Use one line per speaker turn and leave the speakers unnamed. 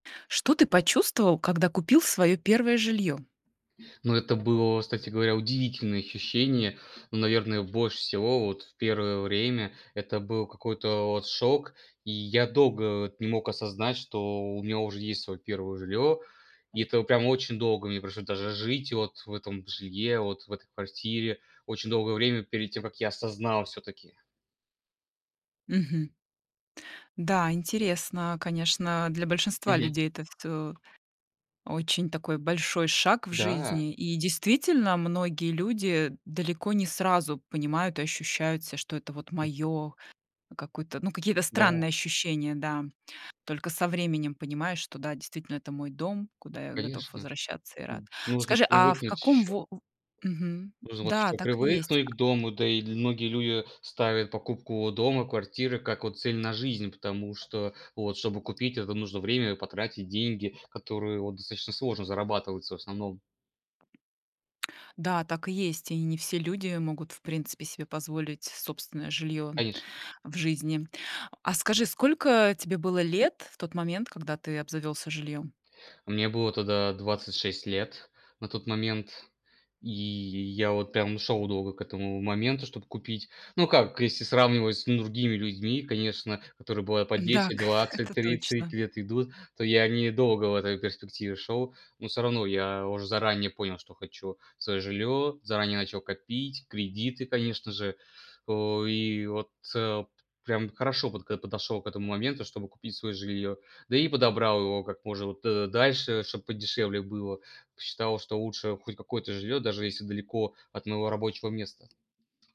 Что ты почувствовал, когда купил свое 1 жилье?
Но это было, кстати говоря, удивительное ощущение. Ну, наверное, больше всего вот в первое время это был какой-то вот шок. И я долго вот не мог осознать, что меня уже есть своё 1-е жилье, и это прям очень долго мне пришлось даже жить вот в этом жилье, вот в этой квартире очень долгое время перед тем, как я осознал всё-таки.
Мгм. Да, интересно, конечно, для большинства
Мгм.
людей это всё Очень такой большой шаг в
Да.
жизни, и, действительно, многие люди далеко не сразу понимают и ощущают себя, что это вот моё какое-то, ну, какие-то
Да.
странные ощущения, да. Только со временем понимаешь, что, да, действительно, это мой дом, куда я готов
Конечно.
возвращаться и рад.
Н нужно
Скажи, а в
привыкнуть
каком
ещё.
во э? Мгм.
Нужно вот
Да,
еще
так и есть.
привыкнуть к дому, да и ль многие люди ставят покупку дома, квартиры как, вот, цель на жизнь. Потому что, вот, чтобы купить это, нужно время и потратить деньги, которые, вот, достаточно сложно зарабатываются в основном.
Да, так и есть, и не все люди могут, в принципе, себе позволить собственное жильё
Конечно.
в жизни. А скажи, сколько тебе было лет в тот момент, когда ты обзавёлся жильём?
Мне было тогда 26 лет на тот момент. И я вот прям шёл долго к этому моменту, чтобы купить. Ну, как, если сравнивать с другими людьми, конечно, которые бывает по 10,
Дак,
20,
это
30
точно.
лет идут, то я недолго в этой перспективе шёл. Но всё равно я уже заранее понял, что хочу своё жильё. Заранее начал копить, кредиты, конечно же. Э, и вот, э Прям хорошо подготов подошёл к этому моменту, чтобы купить своё жильё. Да и подобрал его как можно, вот, э, дальше, чтобы подешевле было. Посчитал, что лучше хоть какое-то жильё, даже если далеко от моего рабочего места.